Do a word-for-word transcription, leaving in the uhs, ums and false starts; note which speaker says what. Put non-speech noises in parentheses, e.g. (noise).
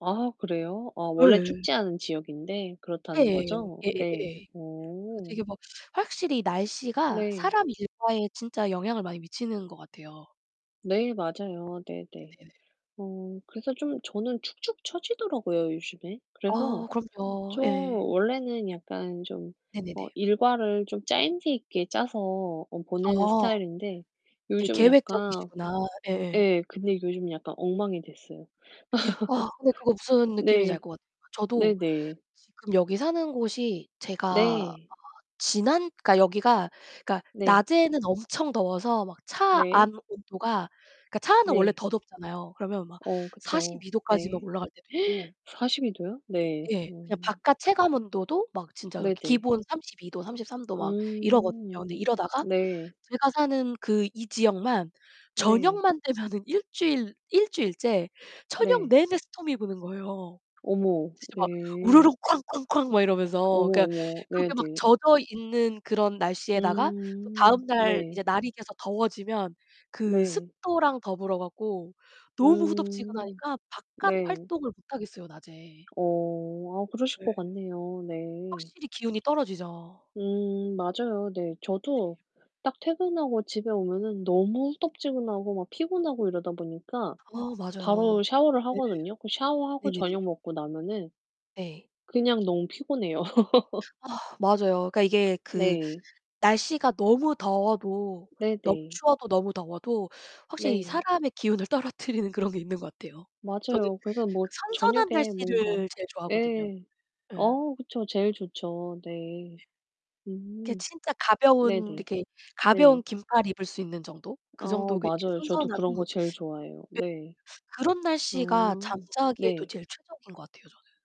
Speaker 1: 아 그래요? 아 원래
Speaker 2: 예.
Speaker 1: 춥지 않은 지역인데
Speaker 2: 예.
Speaker 1: 그렇다는 거죠? 네.
Speaker 2: 예예예예. 그
Speaker 1: 오.
Speaker 2: 되게 막 확실히 날씨가
Speaker 1: 네.
Speaker 2: 사람 일과에 진짜 영향을 많이 미치는 것 같아요.
Speaker 1: 네, 맞아요. 네네.
Speaker 2: 네네네.
Speaker 1: 어 그래서 좀 저는 축축 쳐지더라고요, 요즘에. 그래서
Speaker 2: 아 그럼요.
Speaker 1: 좀
Speaker 2: 예.
Speaker 1: 원래는 약간 좀 어
Speaker 2: 네네네.
Speaker 1: 일과를 좀 짜임새 있게 짜서 어 보내는
Speaker 2: 아.
Speaker 1: 스타일인데
Speaker 2: 되게
Speaker 1: 요즘 약간
Speaker 2: 계획적이시구나. 예예.
Speaker 1: 예, 근데 요즘 약간 엉망이 됐어요.
Speaker 2: 아, 근데 그거 무슨
Speaker 1: (laughs)
Speaker 2: 느낌인지 알
Speaker 1: 네.
Speaker 2: 것 같아. 저도
Speaker 1: 네네.
Speaker 2: 지금 여기 사는 곳이 제가 아
Speaker 1: 네.
Speaker 2: 지난 그러니까 여기가 그러니까
Speaker 1: 네.
Speaker 2: 낮에는 엄청 더워서 막 차
Speaker 1: 네.
Speaker 2: 안 온도가 그니까 차 안은 원래
Speaker 1: 네.
Speaker 2: 더 덥잖아요. 그러면 막
Speaker 1: 어 그쵸.
Speaker 2: 사십이 도까지 막
Speaker 1: 네.
Speaker 2: 올라갈 때도 있고
Speaker 1: (gasps) 사십이 도요? 네.
Speaker 2: 예,
Speaker 1: 어.
Speaker 2: 그냥 바깥 체감 온도도 막 진짜
Speaker 1: 네네.
Speaker 2: 기본 삼십이 도, 삼십삼 도 막 이러거든요.
Speaker 1: 음.
Speaker 2: 근데 이러다가
Speaker 1: 네.
Speaker 2: 제가 사는 그 이 지역만
Speaker 1: 네.
Speaker 2: 저녁만 되면 일 주일 일 주일째 저녁
Speaker 1: 네.
Speaker 2: 내내 스톰이 부는 거예요.
Speaker 1: 어머,
Speaker 2: 진짜 막 우르르
Speaker 1: 네.
Speaker 2: 쾅 쾅 쾅 막 이러면서
Speaker 1: 어머,
Speaker 2: 그러니까
Speaker 1: 어머.
Speaker 2: 그렇게
Speaker 1: 네네.
Speaker 2: 막 젖어 있는 그런 날씨에다가 또
Speaker 1: 음
Speaker 2: 다음 날
Speaker 1: 네.
Speaker 2: 이제 날이 계속 더워지면 그
Speaker 1: 네.
Speaker 2: 습도랑 더불어 갖고 너무
Speaker 1: 음.
Speaker 2: 후덥지근하니까 바깥
Speaker 1: 네.
Speaker 2: 활동을 못 하겠어요, 낮에.
Speaker 1: 어 아 그러실
Speaker 2: 예.
Speaker 1: 것 같네요. 네.
Speaker 2: 확실히 기운이 떨어지죠.
Speaker 1: 음 맞아요. 네,
Speaker 2: 네네.
Speaker 1: 저도 딱 퇴근하고 집에 오면은 너무
Speaker 2: 네.
Speaker 1: 후덥지근하고 막 피곤하고 이러다 보니까
Speaker 2: 어 맞아요.
Speaker 1: 바로 샤워를
Speaker 2: 네.
Speaker 1: 하거든요. 그 샤워하고
Speaker 2: 네네네.
Speaker 1: 저녁 먹고 나면은
Speaker 2: 네.
Speaker 1: 그냥 너무 피곤해요. (laughs)
Speaker 2: 아 맞아요. 그러니까 이게 그
Speaker 1: 네.
Speaker 2: 날씨가 너무 더워도 너무
Speaker 1: 네네.
Speaker 2: 추워도 너무 더워도 확실히
Speaker 1: 네.
Speaker 2: 사람의 기운을 떨어뜨리는 그런 게 있는 것 같아요. 저는
Speaker 1: 맞아요. 그래서 뭐
Speaker 2: 그 선선한
Speaker 1: 저녁에 뭔가
Speaker 2: 날씨를 제일 좋아하거든요.
Speaker 1: 예.
Speaker 2: 예.
Speaker 1: 어 그쵸. 제일 좋죠. 네.
Speaker 2: 네. 이렇게
Speaker 1: 음.
Speaker 2: 진짜 가벼운
Speaker 1: 네네.
Speaker 2: 이렇게 가벼운
Speaker 1: 네.
Speaker 2: 긴팔 입을 수 있는 정도
Speaker 1: 아
Speaker 2: 그 정도
Speaker 1: 맞아요. 저도
Speaker 2: 선선함이
Speaker 1: 그런
Speaker 2: 예
Speaker 1: 거 제일 좋아해요. 네.
Speaker 2: 그런
Speaker 1: 아
Speaker 2: 날씨가 잠자기에도
Speaker 1: 네.
Speaker 2: 제일 최적인 것 같아요, 저는.